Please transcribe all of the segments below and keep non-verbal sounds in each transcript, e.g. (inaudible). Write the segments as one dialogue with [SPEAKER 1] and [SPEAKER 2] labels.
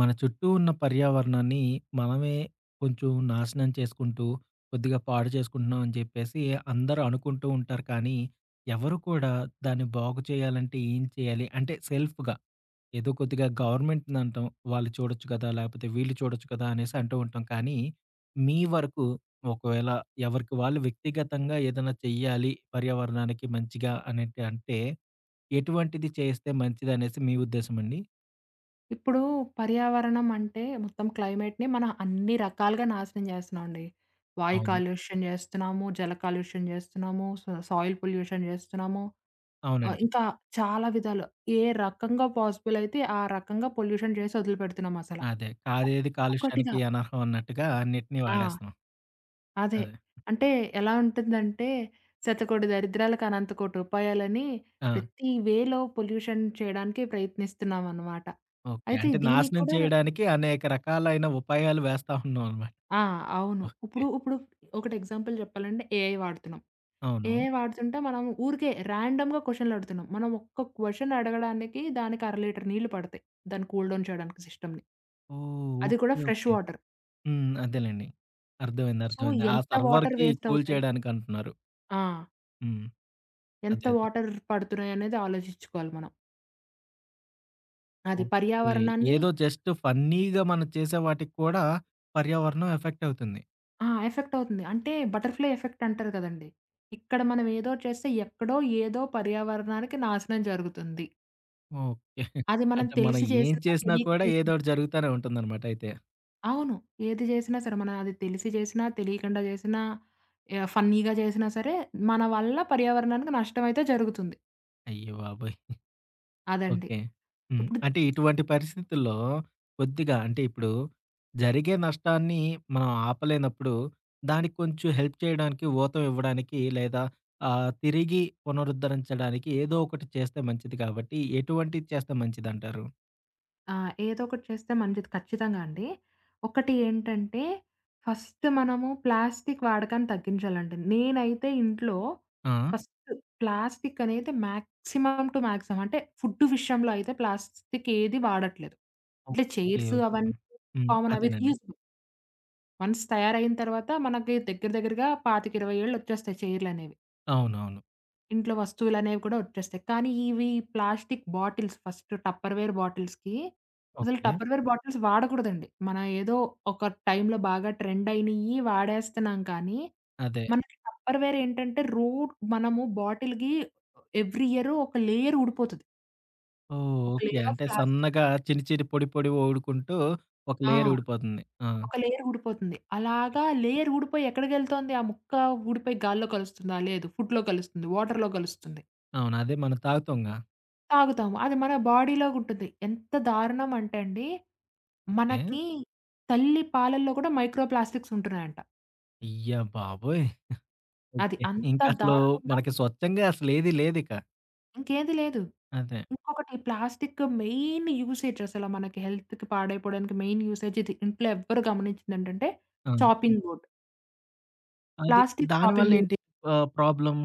[SPEAKER 1] మన చుట్టూ ఉన్న పర్యావరణాన్ని మనమే కొంచెం నాశనం చేసుకుంటూ, కొద్దిగా పాడు చేసుకుంటున్నాం అని చెప్పేసి, అందరూ అనుకుంటూ ఉంటారు. కానీ, ఎవరు కూడా దాన్ని బాగు చేయాలంటే ఏం చేయాలి? అంటే సెల్ఫ్‌గా. ఏదో కొద్దిగా గవర్నమెంట్‌ని అంటాం. వాళ్ళు చూడొచ్చు కదా! లేకపోతే వీళ్ళు చూడొచ్చు కదా! అనేసి అంటూ ఉంటాం. కానీ, మీ వరకు ఒకవేళ ఎవరికి వాళ్ళు వ్యక్తిగతంగా ఏదైనా చెయ్యాలి, పర్యావరణానికి మంచిగా అనేటి అంటే, ఎటువంటిది చేస్తే మంచిదనేసి మీ ఉద్దేశం అండి?
[SPEAKER 2] ఇప్పుడు పర్యావరణం అంటే మొత్తం క్లైమేట్‌నే మనం అన్ని రకాలుగా నాశనం జేస్తున్నామండి. వాయు
[SPEAKER 1] అవును.
[SPEAKER 2] కాలుష్యం జేస్తున్నాము, జల కాలుష్యం జేస్తున్నాము, సో, సా సాయిల్ పొల్యూషన్ జేస్తున్నాము, ఆహ్,
[SPEAKER 1] అవునండి.
[SPEAKER 2] ఇంకా చాలా విధాలా ఏ రకంగా పాజిబుల్ అయితే ఆ రకంగా పొల్యూషన్ చేసి, వదిలుపెడుతున్నాం అసలా.
[SPEAKER 1] అదే. కాదేది
[SPEAKER 2] ఒక్కొక్కటిగా
[SPEAKER 1] కాలుష్యానికి అనర్హం అన్నట్టుగా అన్నిటిని
[SPEAKER 2] ఆ!
[SPEAKER 1] వాడేస్తాం.
[SPEAKER 2] అదే.
[SPEAKER 1] అదే.
[SPEAKER 2] అంటే ఎలా ఉంటుందంటే, శతకోటి దరిద్రాలకు అనంత కోటి ఉపాయలని,
[SPEAKER 1] ఆ!
[SPEAKER 2] ప్రతి వేలో పొల్యూషన్ చేయడానికి ప్రయత్నిస్తున్నామనమాట.
[SPEAKER 1] ఓకె.
[SPEAKER 2] అయితే
[SPEAKER 1] అంటే
[SPEAKER 2] దీనికి
[SPEAKER 1] నాశనం
[SPEAKER 2] కూడా
[SPEAKER 1] చేయడానికి అనేక రకాలైన ఉపాయాలు వేస్తా ఉన్నామనమాట.
[SPEAKER 2] ఆ! అవును.
[SPEAKER 1] ఓకె.
[SPEAKER 2] ఇప్పుడు ఇప్పుడు ఒకటి ఎగ్జాంపుల్ చెప్పాలంటే ఏఐ వాడుతున్నాం.
[SPEAKER 1] అవును.
[SPEAKER 2] ఏఐ వాడుతుంటే, మనం ఊరికే రాండమ్‌గా క్వొషన్లడుగుతున్నాం. మనం ఒక్క క్వొషన్ అడగడానికి దానికి అర లీటర్ నీళ్ళు పడతాయి. దాన్ని కూల్‌డౌన్ చేయడానికి సిస్టమ్‌ని.
[SPEAKER 1] ఓహ్!
[SPEAKER 2] అది కూడా
[SPEAKER 1] ఓకే.
[SPEAKER 2] Fresh
[SPEAKER 1] okay.
[SPEAKER 2] వాటర్.
[SPEAKER 1] హ్మ్. అదేలెండి. అర్థమైంది.
[SPEAKER 2] సో,
[SPEAKER 1] అర్థమైంది. ఆ
[SPEAKER 2] ఎంత వాటర్
[SPEAKER 1] సర్వర్‌కి
[SPEAKER 2] వేస్ట్
[SPEAKER 1] కూల్
[SPEAKER 2] అవుతాయి?
[SPEAKER 1] చేయడానికి అంటున్నారు.
[SPEAKER 2] ఆ!
[SPEAKER 1] హ్మ్.
[SPEAKER 2] ఎంత
[SPEAKER 1] అదే. అదే.
[SPEAKER 2] వాటర్ పడుతున్నాయనేది ఆలోచించుకోవాలి మనం. అది
[SPEAKER 1] ఓకే.
[SPEAKER 2] పర్యావరణాన్ని
[SPEAKER 1] ఏదో జస్ట్ ఫన్నీగా మనం చేసే వాటికి కూడా పర్యావరణం ఎఫెక్ట్ అవుతుంది.
[SPEAKER 2] ఆ! ఎఫెక్ట్ అవుతుంది. అంటే బటర్‌ఫ్లై ఎఫెక్ట్ అంటారు కదండీ! ఇక్కడ మనం ఏదో చేస్తే, ఎక్కడో ఏదో పర్యావరణానికి నాశనం జరుగుతుంది.
[SPEAKER 1] ఓకే. (chuckles)
[SPEAKER 2] అది మనం
[SPEAKER 1] అంటే మనం
[SPEAKER 2] తెలిసి
[SPEAKER 1] ఏం
[SPEAKER 2] చేసిన,
[SPEAKER 1] చేసినా
[SPEAKER 2] తెలియక
[SPEAKER 1] కూడా
[SPEAKER 2] చేసిన.
[SPEAKER 1] ఏదోకటి జరుగుతానే ఉంటుందనమాట అయితే.
[SPEAKER 2] అవును. ఏది చేసినా సరే, మనం అది తెలిసి చేసినా, తెలియకుండా చేసినా, ఆహ్, ఫన్నీగా చేసినా సరే, మన వల్ల పర్యావరణానికి నష్టమైతే జరుగుతుంది.
[SPEAKER 1] అయ్య బాబోయ్! (giggles)
[SPEAKER 2] అదండి.
[SPEAKER 1] ఓకే. హ్మ్.
[SPEAKER 2] ఇప్పుడు
[SPEAKER 1] అంటే ఇటువంటి పరిస్థితుల్లో కొద్దిగా, అంటే ఇప్పుడు జరిగే నష్టాన్ని మనం ఆపలేనప్పుడు, దానికి కొంచెం హెల్ప్ చేయడానికి, ఊతమివ్వడానికి లేదా ఆహ్, తిరిగి పునరుద్ధరించడానికి, ఏదో ఒకటి చేస్తే మంచిది కాబట్టి, ఎటువంటివి చేస్తే మంచిదంటారు?
[SPEAKER 2] ఆ! ఏదో ఒకటి చేస్తే మంచిది ఖచ్చితంగా అండి. ఒకటి ఏంటంటే, ఫస్ట్ మనము ప్లాస్టిక్కు వాడకాన్ని తగ్గించాలండి. నేనైతే ఇంట్లో
[SPEAKER 1] ఆ!
[SPEAKER 2] ఫస్ట్ ప్లాస్టిక్కు అనేది మాక్సిమం టు మాక్సిమం అంటే ఫుడ్ విషయంలో అయితే ప్లాస్టిక్ ఏదీ వాడట్లేదు. ఇట్లా
[SPEAKER 1] ఓకే.
[SPEAKER 2] Chairs
[SPEAKER 1] okay.
[SPEAKER 2] అవన్నీ
[SPEAKER 1] హ్మ్.
[SPEAKER 2] కామన్. అవి
[SPEAKER 1] అదేనండి.
[SPEAKER 2] రీయూస్. వన్స్ తయారయిన తర్వాత మనకి దగ్గర దగ్గరగా 25, 20 ఏళ్లొచ్చేస్తాయి చైర్లనేవి.
[SPEAKER 1] అవునవును.
[SPEAKER 2] ఇంట్లో వస్తువులనేవి కూడా వచ్చేస్తాయి. కానీ ఇవి ప్లాస్టిక్ బాటిల్స్. ఫస్ట్ టప్పర్వేర్ బాటిల్స్‌కి అసలు
[SPEAKER 1] ఓకే.
[SPEAKER 2] Tupperware bottles వాడకూడదండి. మన ఏదో ఒక టైంలో బాగా ట్రెండ్ అయినయ్యి, వాడేస్తున్నాం. కానీ,
[SPEAKER 1] అదే.
[SPEAKER 2] మనకి టప్పర్వేర్ ఏంటంటే రూట్ మనము బాటిల్‌కి ఎవ్రీ ఇయరు ఒక లేయర్ ఊడిపోతది.
[SPEAKER 1] ఓహ్!
[SPEAKER 2] ఒక
[SPEAKER 1] ఓకే.
[SPEAKER 2] లేయర్ ఆఫ్
[SPEAKER 1] అంటే
[SPEAKER 2] ప్లాస్టిక్.
[SPEAKER 1] సన్నగా, చిన్న చిన్న పొడి పొడిగా ఊడుకుంటూ, ఒక
[SPEAKER 2] ఆ!
[SPEAKER 1] లేయర్ ఊడిపోతుంది. ఆ!
[SPEAKER 2] ఒక లేయర్ ఊడిపోతుంది. అలాగా లేయర్ ఊడిపోయి ఎక్కడికెళ్తోంది ఆ ముక్క? ఊడిపోయి గాల్లో కలుస్తుందా? లేదు. ఫుడ్‌లో కలుస్తుంది, వాటర్‌లో కలుస్తుంది.
[SPEAKER 1] అవును. అదే మనం తాగుతాంగా.
[SPEAKER 2] తాగుతాము. అది మన బాడీలో ఉంటది. ఎంత దారుణం అంటే అండి,
[SPEAKER 1] ఓకే.
[SPEAKER 2] మనకి తల్లి పాలల్లో కూడా మైక్రోప్లాస్టిక్స్ ఉంటున్నాయంట.
[SPEAKER 1] అయ్య బాబోయ్! (chuckles)
[SPEAKER 2] అది.
[SPEAKER 1] ఓకే.
[SPEAKER 2] అంత
[SPEAKER 1] ఇంకసలు
[SPEAKER 2] దారుణంగా
[SPEAKER 1] మనకి స్వచ్ఛంగా అసలు ఏది లేదిక.
[SPEAKER 2] ఇంకేది లేదు.
[SPEAKER 1] అదే.
[SPEAKER 2] ఇంకొకటి ప్లాస్టిక్ మెయిన్ యూసేజ్ అసలు మనకి హెల్త్‌కి పాడైపోవడానికి మెయిన్ యూసేజ్ ఇది. ఇంట్లో ఎవ్వరు గమనించేదేంటంటే,
[SPEAKER 1] ఆ!
[SPEAKER 2] Chopping board.
[SPEAKER 1] అది
[SPEAKER 2] ప్లాస్టిక్ చాపింగ్
[SPEAKER 1] దానివల్ల
[SPEAKER 2] బు
[SPEAKER 1] ఏంటి ఆహ్, ప్రాబ్లమ్?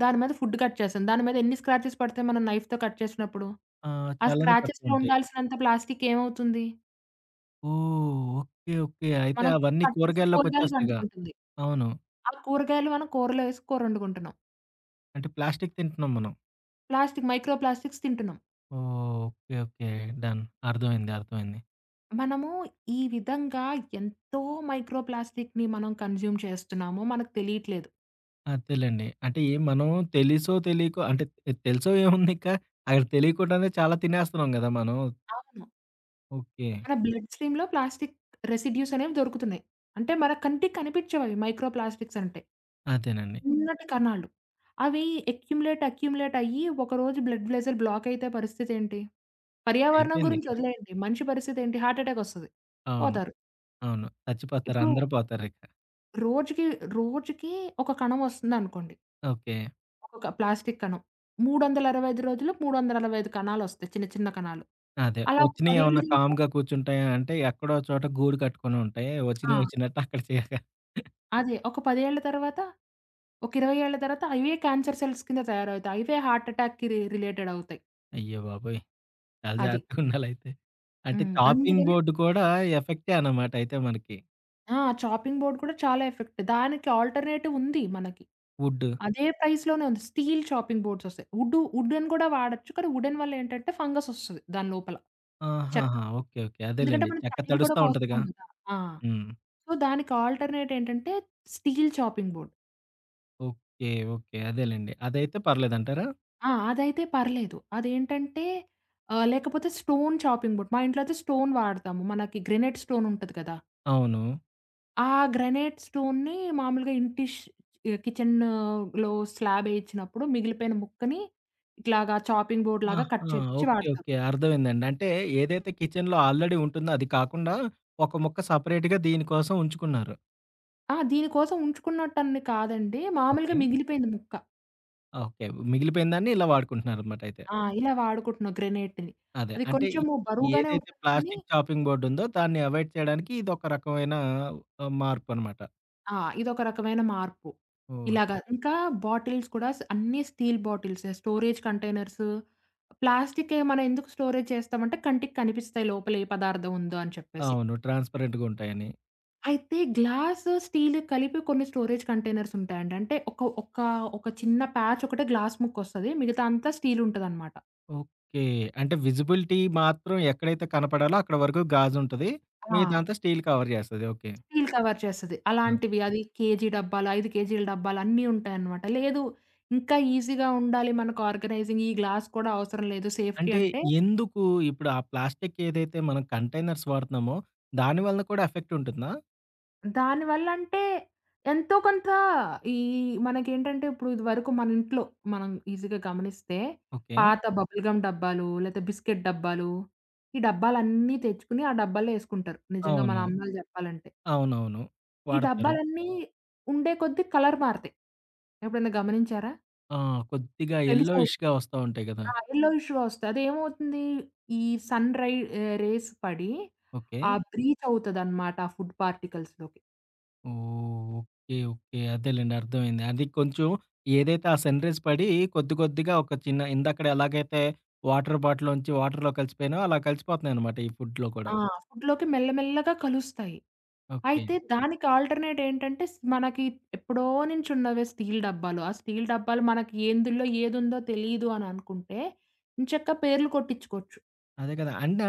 [SPEAKER 2] దాని మీద ఫుడ్ కట్ చేశాం. దాని మీద ఎన్ని స్క్రాచెస్ పడతాయి మనం నైఫ్‌తో కట్ చేసినప్పుడు?
[SPEAKER 1] ఆ!
[SPEAKER 2] ఆ
[SPEAKER 1] చాలానే
[SPEAKER 2] స్క్రాచెస్‌లో
[SPEAKER 1] పడుతూంటాయి.
[SPEAKER 2] ఉండాల్సినంత ప్లాస్టిక్కు ఏమవుతుంది?
[SPEAKER 1] ఓహ్! ఓకే. ఓకే. అయితే
[SPEAKER 2] మనం
[SPEAKER 1] అవన్నీ
[SPEAKER 2] కట్ చేసే కూరగాయలకు
[SPEAKER 1] కూరగాయల్లోకోచ్చేస్తాయిగా!
[SPEAKER 2] అంటుకుంటుంది.
[SPEAKER 1] అవును.
[SPEAKER 2] ఆ కూరగాయలు మనం కూరలో వేసి కూర వండుకుంటున్నాం.
[SPEAKER 1] అంటే ప్లాస్టిక్కు తింటున్నాం మనం.
[SPEAKER 2] ప్లాస్టిక్కు మైక్రోప్లాస్టిక్స్ తింటున్నాం.
[SPEAKER 1] ఓహ్! ఓకే. ఓకే. డన్. అర్థమైంది. అర్థమైంది.
[SPEAKER 2] మనము ఈ విధంగా ఎంతో మైక్రోప్లాస్టిక్‌ని మనం కన్స్యూమ్ చేస్తున్నామో మనకు తెలియట్లేదు.
[SPEAKER 1] అద్దెలెండి. అంటే మనం తెలిసో, తెలీకో అంటే తె తెలిసో (chuckles) ఏముంది ఇకా? అక్కడ తెలియకువడానే చాలా తినేస్తున్నాం గదా మనం.
[SPEAKER 2] అవును.
[SPEAKER 1] ఓకే.
[SPEAKER 2] మన బ్లడ్ స్ట్రీమ్‌లో ప్లాస్టిక్కు రెసిడ్యూస్ అనేవి దొరుకుతున్నాయి. అంటే మన కంటికి కనిపించవు అవి మైక్రోప్లాస్టిక్స్ అంటే.
[SPEAKER 1] అదేనండి.
[SPEAKER 2] ఉన్నట్టి కణాలు, అవి అక్యుములేట్, అక్యుములేట్ అయ్యి, ఒక రోజు బ్లడ్ వెసెల్ బ్లాక్ అయితే పరిస్థితి ఏంటి? పర్యావరణం
[SPEAKER 1] అయిపోయింది.
[SPEAKER 2] గురించి
[SPEAKER 1] (chuckles)
[SPEAKER 2] వదిలేయండి. మనిషి పరిస్థితి ఏంటి? హార్ట్ అటాక్ వస్తది.
[SPEAKER 1] అవును.
[SPEAKER 2] పోతారు.
[SPEAKER 1] అవును. చచ్చిపోతారు.
[SPEAKER 2] ఇప్పుడు
[SPEAKER 1] అందరూ పోతారు ఇక.
[SPEAKER 2] రోజుకి రోజుకి ఒక కణం వస్తుందనుకోండి.
[SPEAKER 1] ఓకే.
[SPEAKER 2] ఒక్కొక్క ప్లాస్టిక్కు కనం. 365 రోజులు 365 కణాలొస్తాయి చిన్న చిన్న కణాలు.
[SPEAKER 1] అదే.
[SPEAKER 2] అలా ఒక 10ఏళ్లు
[SPEAKER 1] వచ్చినయేమన్నా
[SPEAKER 2] తింటే
[SPEAKER 1] కామ్‌గా కూర్చుంటాయంటే, ఎక్కడో చోట గూడు కట్టుకొని ఉంటాయి. వచ్చినయ
[SPEAKER 2] ఆ!
[SPEAKER 1] వచ్చినట్టు అక్కడ చేరతాయి.
[SPEAKER 2] అదే. ఒక 10ఏళ్ల తర్వాత, ఒక 20 ఏళ్ల తర్వాత ఇవే క్యాన్సర్ సెల్స్ కింద తయారవుతాయి. ఇవే హార్ట్ అటాక్‌కి రి రిలేటెడ్‌గా అవుతాయి.
[SPEAKER 1] అయ్య బాబోయ్! చాలా
[SPEAKER 2] అది.
[SPEAKER 1] జాగ్రత్తగా ఉండాలయితే. అంటే
[SPEAKER 2] హ్మ్.
[SPEAKER 1] చాపింగ్
[SPEAKER 2] అందుకనే
[SPEAKER 1] బోర్డ్ కూడా ఎఫెక్టే అనమాట అయితే మనకి.
[SPEAKER 2] ఆ! చాపింగ్ బోర్డ్ కూడా చాలా ఎఫెక్ట్ దానికి ఆల్టర్‌నేటివ్ ఉంది మనకి.
[SPEAKER 1] వుడ్.
[SPEAKER 2] అదే ప్రైజ్‌లోనే ఉంది. స్టీల్ చాపింగ్ బోర్డ్స్ వస్తాయి. వుడ్డు వుడెన్ కూడా వాడొచ్చు. కానీ వుడెన్ వల్ల ఏంటంటే, ఫంగస్ వస్తది దాని లోపల.
[SPEAKER 1] ఆహాహా!
[SPEAKER 2] చెక్కకి.
[SPEAKER 1] ఓకె. ఓకె.
[SPEAKER 2] ఎందుకంటే,
[SPEAKER 1] అదేలెండి.
[SPEAKER 2] మనం
[SPEAKER 1] చెక్క
[SPEAKER 2] తడులు కూడా
[SPEAKER 1] తడుస్తా ఉంటదిగా.
[SPEAKER 2] కోస్తాం కదా! ఆ!
[SPEAKER 1] హ్మ్.
[SPEAKER 2] సో, దానికి ఆల్టర్‌నేట్ ఏంటంటే, steel chopping board.
[SPEAKER 1] Okay. Okay. అదేలెండి. అదైతే పర్లేదంటారా?
[SPEAKER 2] ఆ! అదైతే పర్లేదు. అదేంటంటే ఆహ్, లేకపోతే స్టోన్ చాపింగ్ బోర్డ్, మా ఇంట్లో అయితే, స్టోన్ వాడతాము. మనకి గ్రానైట్ స్టోన్ ఉంటది కదా!
[SPEAKER 1] అవును.
[SPEAKER 2] ఆ గ్రానైట్ స్టోన్‌ని మామూలుగా ఇంటిష్ ఆహ్, కిచెన్‌లో స్లాబ్ వేయించినప్పుడు మిగిలిపోయిన ముక్కని ఇట్లాగా చాపింగ్ బోర్డ్‌లాగా కట్
[SPEAKER 1] ఆహా!
[SPEAKER 2] చేయించి
[SPEAKER 1] ఓకే.
[SPEAKER 2] వాడతాము.
[SPEAKER 1] ఓకే. అర్థమైందండి. అంటే ఏదైతే కిచెన్‌లో ఆల్రెడీ ఉంటుందో, అది కాకుండా ఒక ముక్క సెపరేట్‌గా దీనికోసం ఉంచుకున్నారు.
[SPEAKER 2] ఆహ! దీనికోసం ఉంచుకున్నటన్ని కాదండి. మామూలుగా
[SPEAKER 1] ఓకే.
[SPEAKER 2] మిగిలిపోయింది ముక్క.
[SPEAKER 1] ఓకే. మిగిలిపోయినందాన్ని ఇలా వాడుకుంటున్నారన్నమాటయితే.
[SPEAKER 2] ఆ! ఇలా వాడుకుంటున్నాం గ్రానైట్‌ని
[SPEAKER 1] అదే.
[SPEAKER 2] అది
[SPEAKER 1] అంటే ఈ
[SPEAKER 2] కొంచెము
[SPEAKER 1] ఈ
[SPEAKER 2] బరువుగానే
[SPEAKER 1] ఏదైతే
[SPEAKER 2] ఉంటది కానీ
[SPEAKER 1] ప్లాస్టిక్కు చాపింగ్ బోర్డ్ ఉందో, దాన్ని అవాయిడ్ చేయడానికి ఇదొక రకమైన ఆహ్, మార్పు అన్నమాట.
[SPEAKER 2] ఆ! ఇదొక రకమైన మార్పు.
[SPEAKER 1] ఓస్
[SPEAKER 2] ఇలాగా. ఇంకా బాటిల్స్ కూడా స అన్ని స్టీల్ బాటిల్సే స్టోరేజ్ కంటైనర్సు, ప్లాస్టికే మనం ఎందుకు స్టోరేజ్ చేస్తామంటే, కంటికి కనిపిస్తాయి లోపలే పదార్థం ఉందో అని చెప్పేసి.
[SPEAKER 1] అవును. ట్రాన్స్‌పరెంట్‌గా ఉంటాయని.
[SPEAKER 2] అయితే గ్లాస్, స్టీల్ కలిపి కొన్ని స్టోరేజ్ కంటైనర్స్ ఉంటాయండి. అంటే ఒక ఒక ఒక చిన్న ప్యాచ్ ఒకటే గ్లాస్ ముక్కొస్తది. మిగతాదంతా స్టీల్ ఉంటదన్నమాట.
[SPEAKER 1] ఓకే. అంటే విజిబిలిటీ మాత్రం ఎక్కడైతే కనపడాలో అక్కడ వరకు గాజు ఉంటది.
[SPEAKER 2] ఆ!
[SPEAKER 1] మిగతాదంతా స్టీల్ కవర్ చేస్తది. ఓకే.
[SPEAKER 2] స్టీల్ కవర్ చేస్తది.
[SPEAKER 1] హ్మ్.
[SPEAKER 2] అలాంటివి, అది కేజీ డబ్బాలు, 5 కేజీల డబ్బాలు అన్నీ ఉంటాయన్నమాట. లేదు ఇంకా ఈజీగా ఉండాలి, మనకు ఆర్గనైజింగ్‌కి, ఈ గ్లాస్ కూడా అవసరం లేదు. సేఫ్టీ
[SPEAKER 1] అంటే
[SPEAKER 2] అంటే
[SPEAKER 1] ఎందుకు ఇప్పుడు ఆ ప్లాస్టిక్కు ఏదైతే మనం కంటైనర్స్ వాడుతున్నామో, దాని వలన కూడా ఎఫెక్ట్ ఉంటుందా?
[SPEAKER 2] దానివల్లంటే ఎంతో కొంత ఈ మనకేంటంటే ఇప్పుడు ఇదివరకు మన ఇంట్లో మనం ఈజీగా గమనిస్తే,
[SPEAKER 1] ఓకే.
[SPEAKER 2] పాత బబుల్ గమ్ డబ్బాలు, లేతే బిస్కెట్ డబ్బాలు, ఈ డబ్బాలన్నీ తెచ్చుకొని ఆ డబ్బాల్లో వేసుకుంటారు. నిజంగా మన
[SPEAKER 1] అవును.
[SPEAKER 2] అమ్మలు చెప్పాలంటే.
[SPEAKER 1] అవునవును.
[SPEAKER 2] ఈ
[SPEAKER 1] వాడతారు.
[SPEAKER 2] డబ్బాలన్నీ ఉండే కొద్దీ కలర్ మారతాయి. ఎప్పుడైనా గమనించారా?
[SPEAKER 1] ఆ! కొద్దిగా
[SPEAKER 2] కనీసం
[SPEAKER 1] ఎల్లోఇష్‌గా వస్తా ఉంటాయి గదా!
[SPEAKER 2] ఆ! ఎల్లో ఇష్‌గా వస్తాయి. అదేమవుతుంది? ఈ సన్ రై ఆహ్, రేస్ పడి ఆ
[SPEAKER 1] ఓకే.
[SPEAKER 2] బ్రీత్ అవుతదనమాట ఆ ఫుడ్ పార్టికల్స్‌లోకి.
[SPEAKER 1] ఓహ్! ఓకే. ఓకే. అదేలెండి. అర్థమైంది. అది కొంచెం ఏదైతే ఆ సన్ రేస్ పడి కొద్ది కొద్దిగా ఒక చిన్న ఇందాక ఎలాగైతే వాటర్ బాటిల్‌లోంచి వాటర్‌లోకి కలిసిపోయాయో, అలా కలిసిపోతున్నాయనమాట ఈ ఫుడ్‌లో కూడా.
[SPEAKER 2] ఆ! ఫుడ్‌లోకి మెల్ల మెల్లగా కలుస్తాయి.
[SPEAKER 1] ఓకే.
[SPEAKER 2] అయితే దానికి ఆల్టర్‌నేట్ ఏంటంటే, స్ మనకి ఎప్పుడో నుంచి ఉన్నవే స్టీల్ డబ్బాలు. ఆ స్టీల్ డబ్బాలు మనకి ఏందుల్లో ఏదుందో, తెలీదు అని అనుకుంటే ఏంచక్కా పేర్లు కొట్టించుకోవచ్చు.
[SPEAKER 1] అదే కదా! అయినా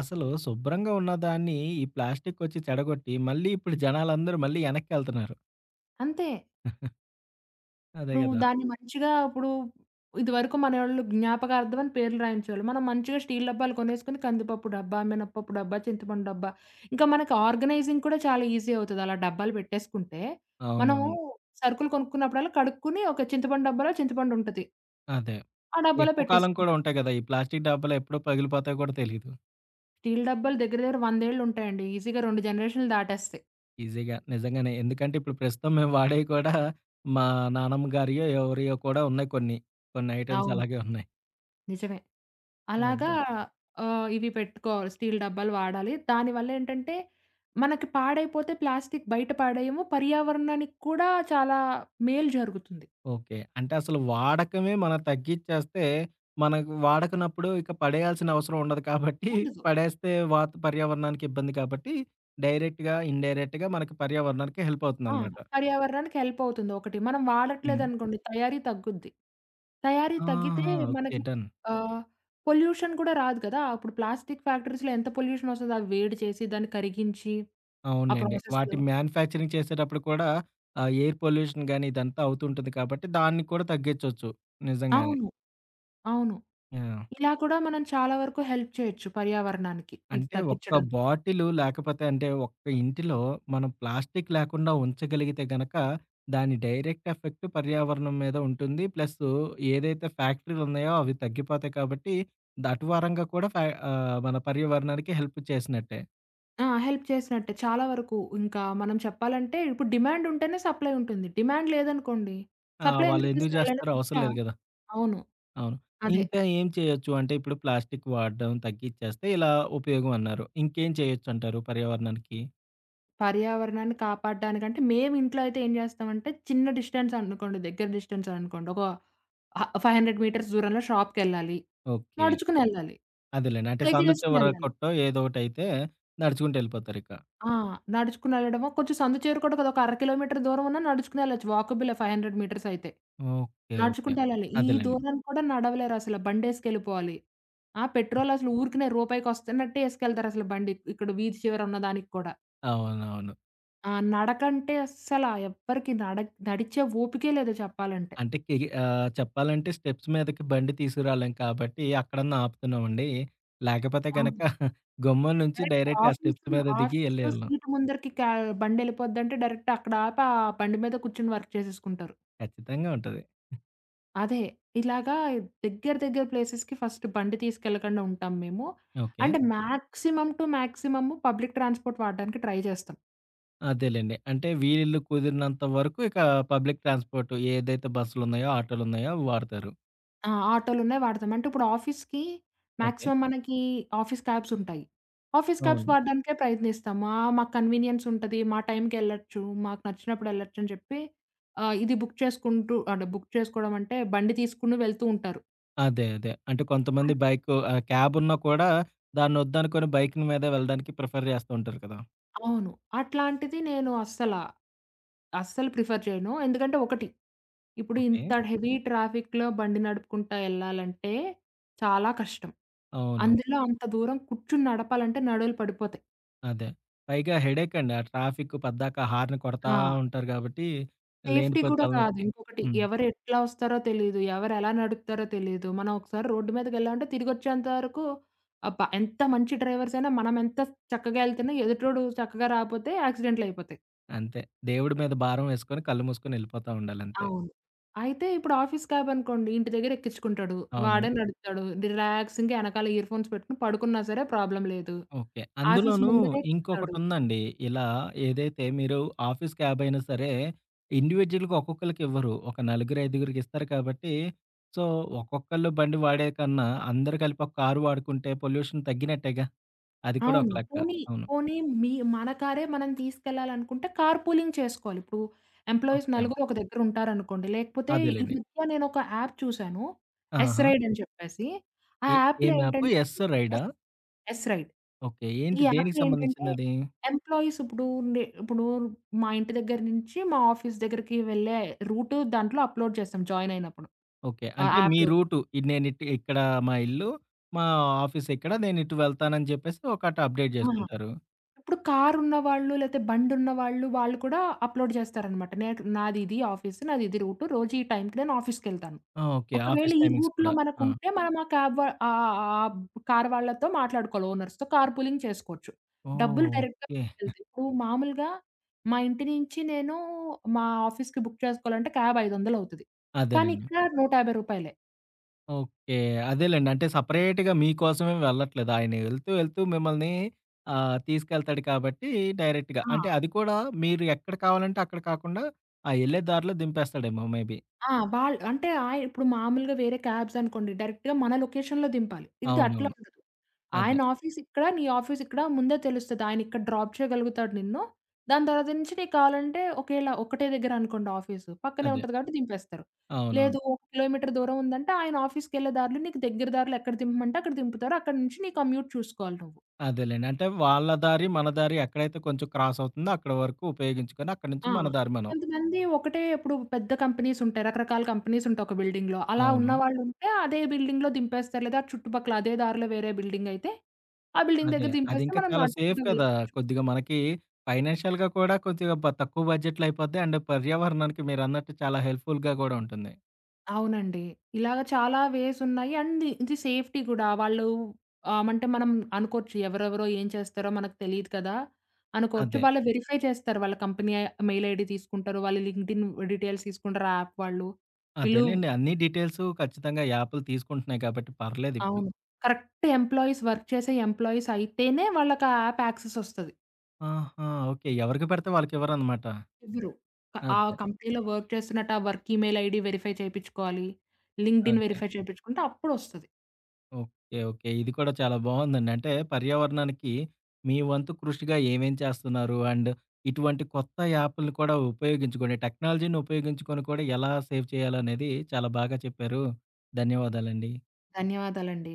[SPEAKER 1] అసలు శుభ్రంగా ఉన్నదాన్ని, ఈ ప్లాస్టికోచ్చి చెడగొట్టి, మళ్ళీ ఇప్పుడు జనాలందరూ మళ్ళీ ఎనక్కెళ్తున్నారు.
[SPEAKER 2] అంతే.
[SPEAKER 1] (giggles) అదే
[SPEAKER 2] ఇప్పుడు
[SPEAKER 1] గదా!
[SPEAKER 2] దాన్ని మంచిగా, ఇప్పుడు ఇదివరకు మనోళ్ళు జ్ఞాపకార్థమని పేర్లు రాయించేవాళ్ళు. మనం మంచిగా స్టీల్ డబ్బాలు కొనేసుకొని కందిపప్పు డబ్బా, మినపప్పు డబ్బా, చింతపండు డబ్బా, ఇంకా మనకి ఆర్గనైజింగ్ కూడా చాలా ఈజీ అవుతది. అలా డబ్బాలు పెట్టేసుకుంటే. మనము
[SPEAKER 1] అవునవును.
[SPEAKER 2] సరుకులు కొనుక్కున్నప్పుడల్లా కడుక్కొని, ఒక చింతపండు డబ్బాలో చింతపండుంటది.
[SPEAKER 1] అదే.
[SPEAKER 2] ఆ డబ్బులో
[SPEAKER 1] ఎక్కువ కాలం కూడా
[SPEAKER 2] పెట్టేసుకుంటా
[SPEAKER 1] ఉంటాయి గదా! ఈ ప్లాస్టిక్కు డబ్బలు ఎప్పుడో పగిలిపోతాయో కూడా తెలీదు.
[SPEAKER 2] స్టీల్ డబ్బాలు దగ్గర దగ్గర వందేళ్ళుంటాయండి. ఈజీగా 2 జనరేషన్లు దాటేస్తాయి.
[SPEAKER 1] ఈజీగా, నిజంగానే, ఎందుకంటే ఇప్పుడు ప్రస్తుతం మేము వాడేవి (chuckles) కూడా మా నానమ్మగారియో, ఎవరియోవి కూడా ఉన్నాయి కొన్ని. కొన్ని ఐటెమ్స్
[SPEAKER 2] అవును.
[SPEAKER 1] అలాగే ఉన్నాయి.
[SPEAKER 2] నిజమే. అలాగా
[SPEAKER 1] అదే.
[SPEAKER 2] ఆహ్, ఇవి పెట్టుకోవాలి. స్టీల్ డబ్బాలు వాడాలి. దానివల్లేంటంటే, మనకి పాడైపోతే ప్లాస్టిక్కు బయట పడేయము. పర్యావరణానికి కూడా చాలా మేలు జరుగుతుంది.
[SPEAKER 1] ఓకే. అంటే అసలు వాడకమే మనం తగ్గించేస్తే, మనం వాడకనప్పుడు ఇక పడేయాల్సిన అవసరం ఉండదు కాబట్టి,
[SPEAKER 2] ఉండదు.
[SPEAKER 1] పడేస్తే వాత్ పర్యావరణానికిబ్బంది కాబట్టి, డైరెక్ట్‌గా, ఇన్‌డైరెక్ట్‌గా మన పర్యావరణానికి హెల్ప్
[SPEAKER 2] ఆ!
[SPEAKER 1] అవుతుందనమాట.
[SPEAKER 2] పర్యావరణానికి హెల్ప్ అవుతుంది ఒకటి. మనం
[SPEAKER 1] హ్మ్.
[SPEAKER 2] వాడట్లేదనుకోండి, తయారీ తగ్గుద్ది. తయారీ తగ్గితే
[SPEAKER 1] ఆహా! ఓకే.
[SPEAKER 2] మనకి
[SPEAKER 1] డన్.
[SPEAKER 2] ఆహ్, పొల్యూషన్ కూడా రాదు కదా! అప్పుడు ప్లాస్టిక్కు ఫ్యాక్టరీస్‌లో ఎంత పొల్యూషన్ వస్తదో. అవి వేడి చేసి దాన్ని కరిగించి, ఆ
[SPEAKER 1] అవునులెండి.
[SPEAKER 2] ప్రాసెసు.
[SPEAKER 1] వాటి మ్యాన్యుఫ్యాక్చరింగ్ చేసేటప్పుడు కూడా ఆహ్, ఎయిర్ పొల్యూషన్ గానీ, ఇదంతా అవుతుంటుంది కాబట్టి, దాన్ని కూడా తగ్గించొచ్చు. నిజంగానే.
[SPEAKER 2] అవును. అవును.
[SPEAKER 1] యాహ్!
[SPEAKER 2] ఇలా కూడా మనం చాలా వరకు హెల్ప్ చేయొచ్చు పర్యావరణానికి, ఇది
[SPEAKER 1] అంటే ఒక్క
[SPEAKER 2] తగ్గించడంలో.
[SPEAKER 1] బాటిలు లేకపోతే, అంటే ఒక్క ఇంటిలో మనం ప్లాస్టిక్కు లేకుండా ఉంచగలిగితే గనక, దాని డైరెక్ట్ ఎఫెక్ట్ పర్యావరణం మీద ఉంటుంది. ప్లసు ఏదైతే ఫ్యాక్టరీలున్నాయో అవి తగ్గిపోతాయి కాబట్టి, దాటు వరంగా కూడా ఫా ఆహ్, మన పర్యావరణానికి హెల్ప్ చేసినట్టే.
[SPEAKER 2] ఆ! హెల్ప్ చేసినట్టే చాలా వరకు. ఇంకా మనం చెప్పాలంటే ఇప్పుడు డిమాండ్ ఉంటేనే సప్లై ఉంటుంది. డిమాండ్ లేదనుకోండి.
[SPEAKER 1] ఆ!
[SPEAKER 2] సప్లై
[SPEAKER 1] వాళ్ళు
[SPEAKER 2] ఎందుకు
[SPEAKER 1] ఎందుకు
[SPEAKER 2] చేస్తారు? వాళ్ళకేమైనా
[SPEAKER 1] జేస్తారు అవసరం
[SPEAKER 2] పిచ్చా?
[SPEAKER 1] లేదు గదా!
[SPEAKER 2] అవును.
[SPEAKER 1] అవును.
[SPEAKER 2] అదే.
[SPEAKER 1] ఇంకా ఏం చేయొచ్చు? అంటే ఇప్పుడు ప్లాస్టిక్ వాడడం తగ్గించేస్తే ఇలా ఉపయోగమన్నారు. ఇంకేం చేయొచ్చుంటారు పర్యావరణానికి?
[SPEAKER 2] పర్యావరణాన్ని కాపాడడానికంటే మేవింట్లో అయితే ఏం జేస్తామంటే చిన్న డిస్టెన్స్ అనుకోండి. దగ్గర డిస్టెన్స్ అనుకోండి. ఒక ఆహ్, 500 మీటర్స్ దూరంలో షాప్‌కెళ్ళాలి.
[SPEAKER 1] ఓకే.
[SPEAKER 2] నడుచుకొని ఎళ్ళాలి.
[SPEAKER 1] అదేలెండి. అంటే
[SPEAKER 2] సైకిల్
[SPEAKER 1] సందు
[SPEAKER 2] ఏసుకొని
[SPEAKER 1] చివర
[SPEAKER 2] ఎళ్ళాలి.
[SPEAKER 1] కొట్టో ఏదో ఒకటైతే నడుచుకుంటు ఎళ్ళిపోతారిక.
[SPEAKER 2] ఆ! నడుచుకొనెళ్ళడమో, కొంచెం సందు చేరుకోడానికి అదొక అర కిలోమీటర్ దూరమున్నా నడుచుకొని ఎళ్ళొచ్చు. వాకబుల్ 500 మీటర్స్ అయితే
[SPEAKER 1] ఓకే. ఓకే.
[SPEAKER 2] నడుచుకుంటూ ఎళ్ళాలి. ఈ
[SPEAKER 1] అదేలెండి.
[SPEAKER 2] దూరం కూడా నడవలేరసలు. బండేసుకెళ్ళిపోవాలి. ఆ! పెట్రోల్ అసలు ఊరికినే రూపాయికొస్తున్నట్టే ఏసుకెళ్తారు అసలు బండి. ఇక్కడ వీధి చివర ఉన్న దానికి కూడా.
[SPEAKER 1] అవునవును.
[SPEAKER 2] ఆ! నడకంటే అస్సలా ఎవ్వరిక నడ నడిచే ఓపికే లేదు చెప్పాలంటే.
[SPEAKER 1] అంటే కే ఆహ్, చెప్పాలంటే స్టెప్స్ మీదకి బండి తీసుకురాలేం కాబట్టి అక్కడన్నా ఆపుతున్నామండి. లేకపోతే గనక
[SPEAKER 2] అవును.
[SPEAKER 1] (chuckles) గుమ్మం నుంచి
[SPEAKER 2] డైరెక్ట్‌గా
[SPEAKER 1] డైరెక్ట్‌ ఆ స్టెప్స్
[SPEAKER 2] ఆఫీసు.
[SPEAKER 1] మీద దిగి
[SPEAKER 2] ఆఫీసులో
[SPEAKER 1] ఎళ్ళేవాళ్ళాం.
[SPEAKER 2] సీట్ ముందరికి కా బండెళ్ళిపోద్దంటే డైరెక్ట్‌ అక్కడ ఆపి ఆ బండి మీద కూర్చొని వర్క్ చేసేసుకుంటారు.
[SPEAKER 1] ఖచ్చితంగా ఉంటది.
[SPEAKER 2] అదే. ఇలాగా దగ్గర దగ్గర ప్లేసెస్‌కి ఫస్ట్ బండి తీసుకెళ్ళకుండా ఉంటాం మేము.
[SPEAKER 1] ఓకే.
[SPEAKER 2] అంటే maximum to maximum public transport వాడడానికి ట్రై జేస్తాం.
[SPEAKER 1] అదేలెండి. అంటే వీలు కుదిరినంత వరకు, ఇక పబ్లిక్ ట్రాన్స్‌పోర్ట్ ఏదైతే బస్సులున్నాయో, ఆటోలున్నాయో అవి వాడుతారు.
[SPEAKER 2] ఆ! ఆటోలున్నాయి, వాడతాం. అంటే ఇప్పుడు ఆఫీసుకి
[SPEAKER 1] ఓకే.
[SPEAKER 2] మాక్సిమం మనకి ఆఫీసు క్యాబ్స్ ఉంటాయి. ఆఫీసు క్యాబ్స్
[SPEAKER 1] అవును.
[SPEAKER 2] వాడడానికే ప్రయత్నిస్తాం. ఆ! మాకు కన్వీనియన్స్ ఉంటది, మా టైంకెళ్ళొచ్చు. మాకు నచ్చినప్పుడు ఎళ్ళొచ్చని చెప్పి, ఆహ్, ఇది బుక్ చేసుకుంటూ అంటే బుక్ చేసుకోవడమంటే బండి తీసుకొని వెళ్తూ ఉంటారు.
[SPEAKER 1] అదే అదే. అంటే కొంతమంది
[SPEAKER 2] అ
[SPEAKER 1] బైక్ ఆహ్, క్యాబ్ ఉన్నా కూడా దాన్ని వద్దనుకొని బైక్ మీదే వెళ్ళడానికి ప్రిఫర్ చేస్తూ ఉంటారు కదా!
[SPEAKER 2] అవును. అట్లాంటిది నేను అస్సలా అస్సలు ప్రిఫర్ చేయను. ఎందుకంటే ఒకటి. ఇప్పుడింత
[SPEAKER 1] ఓకే.
[SPEAKER 2] హెవీ ట్రాఫిక్‌లో బండి నడుపుకుంటా ఎళ్ళాలంటే చాలా కష్టం.
[SPEAKER 1] అవును.
[SPEAKER 2] అందులో అంత దూరం కూర్చొని నడపాలంటే నడుములు పడిపోతాయి.
[SPEAKER 1] అదే. పైగా హెడ్డేక్ అండి. ఆ ట్రాఫిక్ పద్దాక హారన్ కొడతా
[SPEAKER 2] ఆ!
[SPEAKER 1] ఉంటారు గాబట్టి,
[SPEAKER 2] సేఫ్టీ
[SPEAKER 1] లేనిపోని
[SPEAKER 2] కూడా కాదు.
[SPEAKER 1] తలనొప్పి.
[SPEAKER 2] ఇంకొకటి,
[SPEAKER 1] హ్మ్.
[SPEAKER 2] ఎవరు ఎట్లా ఒస్తారో తెలీదు. ఎవరెలా నడుపుతారో తెలీదు, మనం ఒకసారి రోడ్డు మీదకెళ్ళామంటే తిరిగొచ్చేంత వరకు ఆ ప ఎంత మంచి డ్రైవర్స్ అయినా మనమెంత చక్కగా ఎళ్తున్నా ఎదుటోడు చక్కగా రాకపోతే యాక్సిడెంట్లు అయిపోతాయి.
[SPEAKER 1] అంతే. దేవుడి మీద భారం వేసుకొని, కళ్ళు మూసుకొని ఎళ్ళిపోతా ఉండాలంతే.
[SPEAKER 2] అవును. అయితే ఇప్పుడు ఆఫీస్ క్యాబ్ అనుకోండి. ఇంటి దగ్గర ఎక్కించుకుంటాడు.
[SPEAKER 1] అవును.
[SPEAKER 2] వాడే నడుపుతాడు. రిలాక్సింగ్‌గా ఎనకాల ఇయర్‌ఫోన్స్ పెట్టుకొని పడుకున్నా సరే, ప్రాబ్లమ్ లేదు.
[SPEAKER 1] ఓకే.
[SPEAKER 2] ఆఫీసు
[SPEAKER 1] అందులోనూ
[SPEAKER 2] ముందరే దింపుతాడు.
[SPEAKER 1] ఇంకొకటుందండి. ఇలా ఏదైతే మీరు ఆఫీస్ క్యాబ్ అయినా సరే ఇండివిడ్యువల్‌గా ఒక్కొక్కళ్ళకి ఇవ్వరు. ఒక నలుగురు, ఐదుగురికి ఇస్తారు కాబట్టి, సో, ఒక్కొక్కళ్ళు బండి వాడేకన్నా, అందరూ కలిపి ఒక కారు వాడుకుంటే, పొల్యూషన్ తగ్గినట్టేగా. అది కూడా
[SPEAKER 2] అవును.
[SPEAKER 1] ఒక లెక్క.
[SPEAKER 2] పోనీ
[SPEAKER 1] అవును.
[SPEAKER 2] పోనీ మీ మన కారే మనం తీసుకెళ్లాలనుకుంటే, కార్ పూలింగ్ చేసుకోవాలి. ఇప్పుడు ఎంప్లాయిస్
[SPEAKER 1] ఓకే.
[SPEAKER 2] నలుగురు ఒక దగ్గర ఉంటారనుకోండి. లేకపోతే ఈ
[SPEAKER 1] అదేలెండి.
[SPEAKER 2] మధ్య నేనొక యాప్ చూశాను. ఎస్
[SPEAKER 1] ఆహా!
[SPEAKER 2] రైడ్ అని చెప్పేసి. ఆ
[SPEAKER 1] ఏ
[SPEAKER 2] యాప్‌లో
[SPEAKER 1] ఏం యాప్,
[SPEAKER 2] ఏంటంటే
[SPEAKER 1] ఎస్ రైడా?
[SPEAKER 2] S S ride.
[SPEAKER 1] ఓకే.
[SPEAKER 2] ఈ
[SPEAKER 1] ఏంటి? దేనికి
[SPEAKER 2] యాప్‌లో ఏంటంటే,
[SPEAKER 1] సంబంధించిందది?
[SPEAKER 2] ఎంప్లాయిస్ ఇప్పుడు నే ఇప్పుడు మా ఇంటి దగ్గర నుంచి మా ఆఫీస్ దగ్గరికి వెళ్లే రూట్ దాంట్లో అప్‌లోడ్ చేస్తాం జాయిన్ అయినప్పుడు,
[SPEAKER 1] ఓకే.
[SPEAKER 2] ఆ
[SPEAKER 1] అంటే మీ
[SPEAKER 2] యాప్‌లో.
[SPEAKER 1] రూటు. నేనిటు ఇక్కడ మా ఇల్లు, మా ఆఫీస్ ఇక్కడ, నేనిటు వెళ్తానుని చెప్పేసి ఒకటి అప్‌డేట్
[SPEAKER 2] ఆ!
[SPEAKER 1] జేసుకుంటారు.
[SPEAKER 2] ఇప్పుడు కారున్న వాళ్ళు లేతే బండి ఉన్న వాళ్ళు, వాళ్ళు కూడా అప్‌లోడ్ చేస్తారనమాట. నాకు నాదిది ఆఫీసు. నాదిది రూట్ రోజు ఈ టైంకి నేను ఆఫీస్‌కి వెళ్తాను.
[SPEAKER 1] ఆ! ఓకే.
[SPEAKER 2] ఒకవేళ
[SPEAKER 1] ఆఫీసు
[SPEAKER 2] ఈ
[SPEAKER 1] టైమింగ్స్
[SPEAKER 2] రూట్‌లో
[SPEAKER 1] కూడా. ఆ!
[SPEAKER 2] మనకుంటే మనం ఆ క్యాబ్ వ ఆహ్, ఆహ్, ఆహ్, ఆహ్, బ్ కారు వాళ్ళతో మాట్లాడుకోవాలి. ఓనర్స్‌తో కార్ పూలింగ్ చేసుకోవచ్చు. డబ్బులు
[SPEAKER 1] ఓహ్!
[SPEAKER 2] డైరెక్ట్‌గా
[SPEAKER 1] ఓకే.
[SPEAKER 2] మిగిలతాయి. ఇప్పుడు మామూలుగా, మా ఇంటి నుంచి నేను మా ఆఫీస్‌కి బుక్ చేసుకోవాలంటే క్యాబ్ ఐదొందలవుతది. కానీ
[SPEAKER 1] అదేనండి.
[SPEAKER 2] ఇక్కడ 150 రూపాయలే.
[SPEAKER 1] ఓకే. అదేలెండి. అంటే సెపరేట్‌గా మీకోసమేమీ వెళ్ళట్లేదు. ఆయన ఎళ్తూ వెళ్తూ మిమ్మల్ని ఆహ్, తీసుకెళ్తాడు కాబట్టి డైరెక్ట్‌గా అంటే
[SPEAKER 2] ఆ!
[SPEAKER 1] అది కూడా మీరు ఎక్కడ కావాలంటే అక్కడ కాకుండా ఆ ఎళ్ళే దారిలో దింపేస్తాడేమో మే బీ.
[SPEAKER 2] ఆ! వాళ్ళు అంటే, ఆహ్, ఇప్పుడు మామూలుగా వేరే క్యాబ్స్ అనుకోండి. డైరెక్ట్‌గా మన లొకేషన్‌లో దింపాలి. ఇది అట్లా
[SPEAKER 1] అవునవును.
[SPEAKER 2] ఉండదు.
[SPEAKER 1] అదే.
[SPEAKER 2] ఆయన ఆఫీసు ఇక్కడ, నీ ఆఫీసు ఇక్కడ ముందే తెలుస్తది. ఆయన ఇక్కడ డ్రాప్ చేయగలుగుతాడు నిన్ను. దాని తర్వాత నుంచి నీకు కావాలంటే ఒకవేళ ఒకటే దగ్గరనుకోండి, ఆఫీసు పక్కనే
[SPEAKER 1] అదే.
[SPEAKER 2] ఉంటది కాబట్టి దింపేస్తారు.
[SPEAKER 1] అవునవును.
[SPEAKER 2] లేదు, ఒక కిలోమీటర్ దూరం ఉందంటే ఆయన ఆఫీసుకెళ్ళే దారులో నీకు దగ్గర దారులు ఎక్కడ దింపమంటే అక్కడ దింపుతారు. అక్కడి నుంచి నీకు కమ్యూట్ చూసుకోవాలి నువ్వు.
[SPEAKER 1] అదేలెండి. అంటే వాళ్ళ దారి, మన దారి ఎక్కడైతే కొంచెం క్రాస్ అవుతుందో అక్కడ వరకు ఉపయోగించుకొని, అక్కడి నుంచి
[SPEAKER 2] ఆ!
[SPEAKER 1] మన దారి మనం.
[SPEAKER 2] కొంతమంది ఒకటే, ఇప్పుడు పెద్ద కంపెనీస్ ఉంటాయి. రకరకాల కంపెనీస్ ఉంటాయి ఒక బిల్డింగ్‌లో అలా ఉన్న
[SPEAKER 1] అవును.
[SPEAKER 2] వాళ్ళు ఉంటే అదే బిల్డింగ్‌లో దింపేస్తారు. లేదా చుట్టుపక్కల అదే దారిలో వేరే బిల్డింగ్ అయితే ఆ బిల్డింగ్
[SPEAKER 1] అదే.
[SPEAKER 2] దగ్గర
[SPEAKER 1] అది
[SPEAKER 2] దింపేస్తే
[SPEAKER 1] ఇంకా
[SPEAKER 2] మనం
[SPEAKER 1] చాలా సేఫ్
[SPEAKER 2] నడుచుకుంటూ
[SPEAKER 1] కదా!
[SPEAKER 2] వెళ్ళిపోవచ్చు.
[SPEAKER 1] కొద్దిగా మనకి ఫైనాన్షియల్‌గా కూడా కొద్దిగా బ తక్కువ బడ్జెట్ అయిపోద్ది. అండ్ పర్యావరణానికి మీరన్నట్టు చాలా హెల్ప్‌ఫుల్‌గా కూడా ఉంటుంది.
[SPEAKER 2] అవునండి. ఇలాగ చాలా వేస్ ఉన్నాయి. అండ్ ఇది సేఫ్టీ కూడా. వాళ్ళు, ఆమంటే మనం అనుకోవచ్చు, ఎవరెవరో ఏం చేస్తారో మనకు తెలీదు కదా! అనుకోవచ్చు.
[SPEAKER 1] అదే.
[SPEAKER 2] వాళ్ళు వెరిఫై చేస్తారు. వాళ్ళ కంపెనీ మెయిల్ ఐడీ తీసుకుంటారు. వాళ్ళ లింక్డ్‌ఇన్ డీటెయిల్స్ తీసుకుంటారు యాప్ వాళ్ళు. పిలువ్
[SPEAKER 1] అదేలెండి. అన్ని డీటెయిల్స్ ఖచ్చితంగా యాప్లు తీసుకుంటున్నాయి గాబట్టి పర్లేదిప్పుడు.
[SPEAKER 2] అవును. కరెక్ట్ ఎంప్లాయీస్ వర్క్ చేసే ఎంప్లాయీస్ అయితేనే వాళ్ళకి ఆ యాప్ యాక్సెస్ ఒస్తది.
[SPEAKER 1] ఆహా! ఓకే. ఎవరికి పెడితే వాళ్ళకివ్వరనమాట.
[SPEAKER 2] ఇవ్వరు. ఆ
[SPEAKER 1] అదే.
[SPEAKER 2] కంపెనీలో వర్క్ చేస్తున్నట్టు ఆ వర్క్ ఈమెయిల్ ఐడీ వెరిఫై చేపిచ్చుకోవాలి. లింక్డ్‌ఇన్
[SPEAKER 1] అంతే.
[SPEAKER 2] వెరిఫై చేపిచ్చుకుంటే అప్పుడొస్తది.
[SPEAKER 1] ఓకే. ఓకే. ఇది కూడా చాలా బావుందండి. అంటే పర్యావరణానికి మీ వంతు కృషిగా ఏమేం చేస్తున్నారు? అండ్ ఇటువంటి కొత్త యాపుల్ని కూడా ఉపయోగించుకొని, టెక్నాలజీని ఉపయోగించుకొని కూడా ఎలా సేవ్ చేయాలనేది చాలా బాగా చెప్పారు. ధన్యవాదాలండి.
[SPEAKER 2] ధన్యవాదాలండి.